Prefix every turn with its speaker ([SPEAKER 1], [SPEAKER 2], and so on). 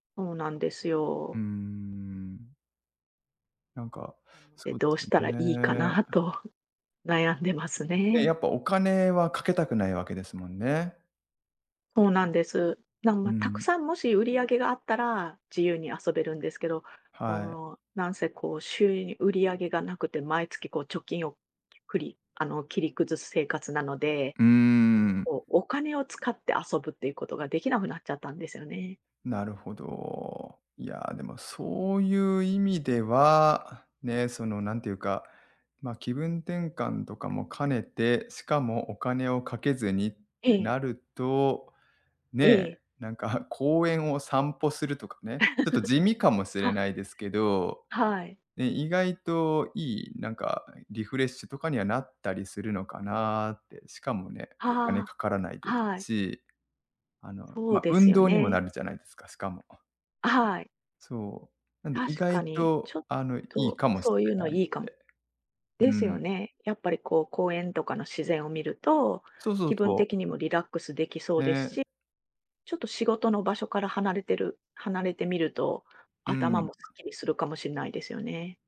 [SPEAKER 1] おうなんです
[SPEAKER 2] うー
[SPEAKER 1] よ。
[SPEAKER 2] ん。なんか、
[SPEAKER 1] で、
[SPEAKER 2] そう
[SPEAKER 1] どう
[SPEAKER 2] す
[SPEAKER 1] したらいいか
[SPEAKER 2] ね。
[SPEAKER 1] なと、悩んでます
[SPEAKER 2] え、や
[SPEAKER 1] ね。
[SPEAKER 2] っぱお金はかけたくないわけですもんね。
[SPEAKER 1] ほうなんです。なん、
[SPEAKER 2] う
[SPEAKER 1] ま、たく
[SPEAKER 2] ん。
[SPEAKER 1] さんもし売り上げがあったら、自由に遊べるんですけど、
[SPEAKER 2] はい。
[SPEAKER 1] もう、なんせこう、収入売り上げが無くて、毎月こう、貯金をくりあの、切り崩す生活なので、
[SPEAKER 2] うーん。
[SPEAKER 1] こう、お金を使って遊ぶっていうことが出来なくなっちゃったんですよね。
[SPEAKER 2] なるほど。いや、でもそういう意味では、ね、そのなんていうか、ま、気分転換とかも兼ねて、しかも、お金をかけずに、
[SPEAKER 1] え
[SPEAKER 2] な
[SPEAKER 1] え。
[SPEAKER 2] ると、
[SPEAKER 1] え
[SPEAKER 2] ね、
[SPEAKER 1] え。
[SPEAKER 2] なんか公園を散歩するとかね、ちょっと地味かも し
[SPEAKER 1] は
[SPEAKER 2] れな
[SPEAKER 1] い。
[SPEAKER 2] いですけど。
[SPEAKER 1] はい。
[SPEAKER 2] ね、意外といい、なんかリフレッシュとかにはなったりするのかなって、しかもね、お金
[SPEAKER 1] は
[SPEAKER 2] かからない
[SPEAKER 1] あ、
[SPEAKER 2] で
[SPEAKER 1] はい。
[SPEAKER 2] し。あの、
[SPEAKER 1] そう
[SPEAKER 2] ま、
[SPEAKER 1] です
[SPEAKER 2] 運
[SPEAKER 1] よ
[SPEAKER 2] 動にも
[SPEAKER 1] ね。
[SPEAKER 2] なるじゃないですか、しかも。
[SPEAKER 1] あ、はい。
[SPEAKER 2] そう、なんで、意
[SPEAKER 1] 確
[SPEAKER 2] 外
[SPEAKER 1] かに、ち
[SPEAKER 2] と、
[SPEAKER 1] ょっ
[SPEAKER 2] あの、いい
[SPEAKER 1] と
[SPEAKER 2] かもし
[SPEAKER 1] そういう
[SPEAKER 2] れ
[SPEAKER 1] の
[SPEAKER 2] ないんで。
[SPEAKER 1] いいかも。で
[SPEAKER 2] う
[SPEAKER 1] すよ
[SPEAKER 2] ん。
[SPEAKER 1] ね。やっぱりこう、公園とかの自然を見ると、
[SPEAKER 2] そうそう
[SPEAKER 1] 気分
[SPEAKER 2] そう。
[SPEAKER 1] 的にもリラックス出来そうです
[SPEAKER 2] ね。
[SPEAKER 1] し、ちょっと仕事の場所から離れてる離れてみると、
[SPEAKER 2] う
[SPEAKER 1] 頭
[SPEAKER 2] ん。
[SPEAKER 1] もすっきりするかもしんないですよね。